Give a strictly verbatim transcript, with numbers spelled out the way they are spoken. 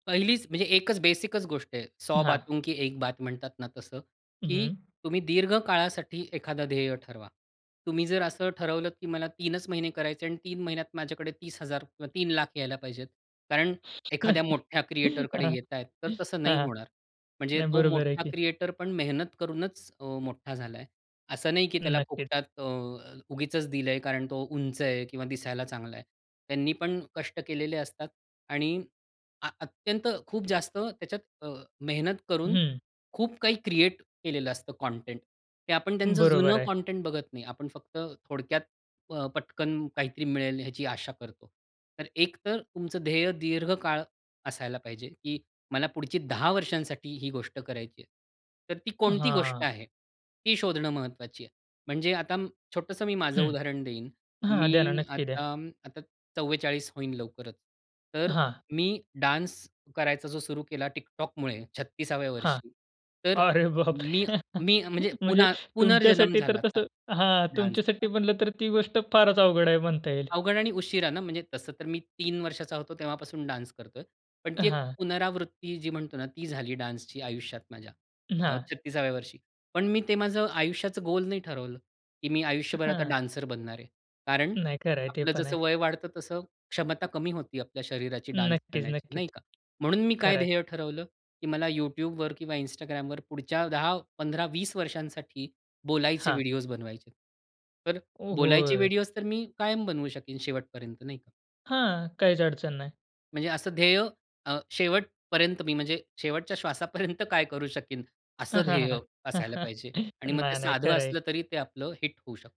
पहिलीच म्हणजे एकच बेसिकच गोष्ट आहे. "सौ हां. बातों की एक बात" म्हणतात ना तसं, की हं. तुम्ही दीर्घ काळासाठी एखादं ध्येय ठरवा. तुम्ही जर असं ठरवलं की मला तीन च महिने करायचे आणि तीन महिन्यात माझ्याकडे तीस हजार किंवा तीन लाख यायला पाहिजेत. कारण एखाद्या मोठ्या क्रिएटरकडे हां, येतायत, तर तसं नाही हां. होणार. म्हणजे नाही, तो बरोबर आहे, मोठा की. क्रिएटर पण मेहनत करूनच अ, मोठा झालाय. असं नाही, की त्याला नक्कीच. फुकटात अ, उगीचच दिलंय; कारण तो उंच आहे किंवा दिसायला चांगला आहे. त्यांनी पण कष्ट केलेले असतात. आणि अ, अत्यंत, खूप जास्त त्याच्यात अ, मेहनत करून हं. खूप काही क्रिएट केलेलं असतं काँटेंट ते आपण त्यांचं बरोबर जुनं आहे. काँटेंट बघत नाही. आपण फक्त थोडक्यात अ, पटकन काहीतरी मिळेल ह्याची आशा करतो. तर एक तर तुमचं ध्येय दीर्घकाळ असायला पाहिजे, की मला पुढची दहा वर्षांसाठी ही गोष्ट करायची आहे. तर ती कोणती गोष्ट हां. आहे? ती शोधणं महत्त्वाची आहे. म्हणजे आता अं, छोटंसं मी माझं हं. उदाहरण देईन. हां, द्या ना. मी नक्की द्या. आता अं, आता चव्वेचाळीस होईन लवकरच. तर हां. मी डान्स करायचा जो सुरु केला TikTokमुळे छत्तीसाव्या हां. वर्षी. तर अरे मी बापरे! मी अ, म्हणजे म्हणजे पुन्हा पुनर्जन्म तुमच्यासाठी झाला तर आता, तसं हां. डान्सचा. तुमच्यासाठी म्हणलं तर ती गोष्ट फारच अवघड आहे म्हणता येईल. अवघड आणि उशिरा ना? म्हणजे, तसं तर मी तीन वर्षाचा होतो तेव्हापासून डान्स करतोय. पण ती एक हां. पुनरावृत्ती जी म्हणतो ना, ती झाली डान्सची आयुष्यात माझ्या. अ, हां. छत्तीसाव्या वर्षी. पण मी ते माझं आयुष्याचं गोल नाही ठरवलं, की मी आयुष्यभर आता हां. डान्सर बनणार आहे. कारण, नाही. खरं आहे ते आपलं पण आहे. जसं वय वाढतं तसं क्षमता कमी होती आपल्या शरीराची डान्स नक्कीच, करण्याची, नक्कीच. नाही का? म्हणून मी काय खरंय. ध्येय ठरवलं, की मला YouTube वर किंवा Instagram वर पुढच्या दहा पंधरा वीस वर्षांसाठी बोलायचे हां. व्हिडिओज बनवायचेत. तर, ओ बोलायचे होय. व्हिडिओज तर मी कायम बनवू शकेन शेवटपर्यंत, नाही का? हां. काहीच अडचण नाही. म्हणजे असं ध्येय अ, शेवटपर्यंत मी म्हणजे शेवटच्या श्वासापर्यंत काय करू शकीन, असं ध्येय असायला पाहिजे. आणि मग ते नाही, नाही. साधं खरं आहे. असलं, तरी ते आपलं हिट होऊ शक